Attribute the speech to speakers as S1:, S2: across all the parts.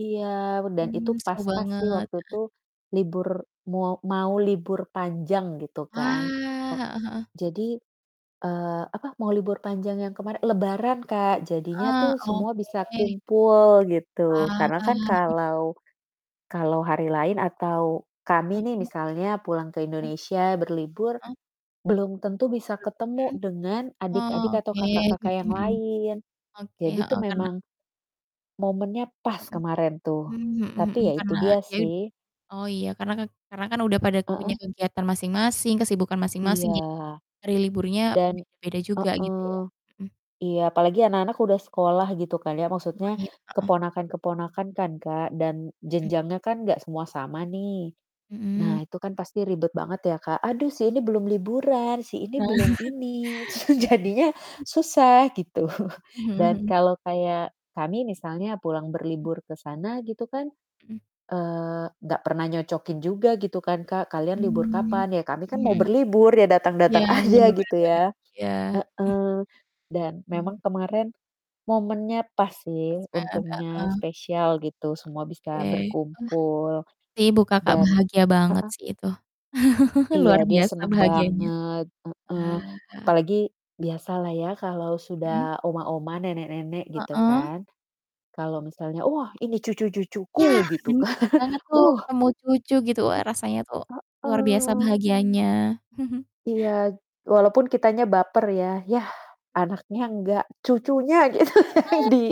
S1: Iya p dan itu
S2: Mmm, seru
S1: pas-pas sih
S2: banget,
S1: waktu
S2: heeh.
S1: itu, libur moa mau libur panjang gitu
S2: Wah,
S1: kan.
S2: heeh
S1: Po
S2: heeh.
S1: jadi, eee, apa, mau libur panjang yang kemarin lebaran
S2: Bet
S1: Kak jadinya
S2: heeh,
S1: tuh semua bisa
S2: oke.
S1: kumpul gitu.
S2: Wah.
S1: Karena kan
S2: I
S1: kalau kalau hari lain atau kami nih
S2: Oke.
S1: misalnya pulang ke
S2: Ah
S1: Indonesia berlibur,
S2: Ah
S1: belum tentu bisa ketemu
S2: Hmm?
S1: dengan adik-adik
S2: Oh
S1: atau
S2: oke,
S1: kakak-kakak yang
S2: mhm,
S1: lain.
S2: oke,
S1: Jadi tuh
S2: heeh, karena
S1: memang, momennya pas
S2: Mhm.
S1: kemarin tuh,
S2: Mmm, mhm mhm,
S1: tapi ya itu
S2: karena
S1: dia
S2: dia ud
S1: sih.
S2: oh iya, karena kek karena kan udah pada punya
S1: Heeh.
S2: kegiatan masing-masing, kesibukan
S1: Iya.
S2: masing-masing, jadi hari liburnya
S1: Dan
S2: beda-beda juga gitu ya.
S1: heeh,
S2: mhm.
S1: iya, palagi anak-anak udah sekolah gitu kan ya, maksudnya
S2: Oh iya, heeh.
S1: keponakan-keponakan kan Kak, dan
S2: Hmm.
S1: jenjangnya kan nggak semua sama nih. Nah
S2: Mhm.
S1: itu kan pasti ribet banget ya Kak, "Aduh sih ini belum liburan, si ini belum ini." su jadinya, susah gitu.
S2: Mmm, mhm
S1: Dan
S2: mhm.
S1: kalau kayak kami misalnya, pulang berlibur ke sana gitu kan,
S2: Mhm.
S1: eee, nggak pernah nyocokin juga gitu kan Kak, "Kalian libur
S2: Mmm,
S1: kapan ya?" ya kami kan mau
S2: mhm.
S1: berlibur, ya
S2: Iya,
S1: datang-datang aja,
S2: benar benar
S1: gitu
S2: benar.
S1: ya.
S2: Iya.
S1: Heeh, dan,
S2: Mmm.
S1: memang kemarin momennya pas
S2: Pas
S1: sih,
S2: bange,
S1: untungnya
S2: heeh.
S1: spesial gitu, semua bisa
S2: Oke, wah,
S1: berkumpul,
S2: ibu Kakak
S1: dan
S2: bahagia banget
S1: heeh?
S2: sih itu.
S1: Iya
S2: Luar
S1: dia
S2: biasa
S1: seneng
S2: bahagianya,
S1: banget, heeh.
S2: wah.
S1: Apalagi, biasalah ya kalau
S2: Mhm.
S1: sudah oma-oma, nenek-nenek gitu
S2: Heeh.
S1: kan. Kalau misalnya, "Oh wah ini cucu-cucuku,"
S2: Ya,
S1: gitu
S2: benar
S1: kan,
S2: banget tuh
S1: weh
S2: ketemu cucu gitu, wah rasanya tuh, luar biasa
S1: heeh.
S2: bahagianya.
S1: Iya t walaupun kitanya baper ya, "Yah, anaknya nggak, cucunya gitu
S2: A
S1: yang di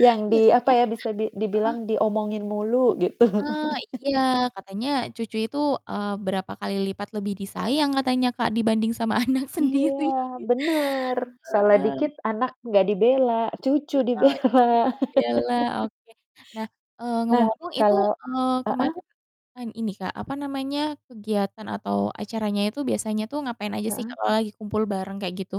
S1: yang
S2: ya
S1: di apa
S2: soalnya
S1: ya, bisa di
S2: heeh?
S1: dibilang, diomongin mulu" gitu.
S2: Eee, iya. Katanya, cucu itu, eee, berapa kali lipat lebih disayang katanya Kak dibanding sama anak sendiri.
S1: Iya benar, salah
S2: Wah.
S1: dikit anak nggak dibela, cucu
S2: Heeh,
S1: dibela.
S2: [unintelligible] bela, oke. Nah, eee,
S1: Nah,
S2: ngomong-ngomong itu,
S1: kalau
S2: eee,
S1: heeh?
S2: kemarin, an ini Kak, apa namanya, kegiatan atau acaranya itu biasanya tuh ngapain aja sih Kak
S1: Heeh.
S2: kalau lagi kumpul bareng kayak gitu?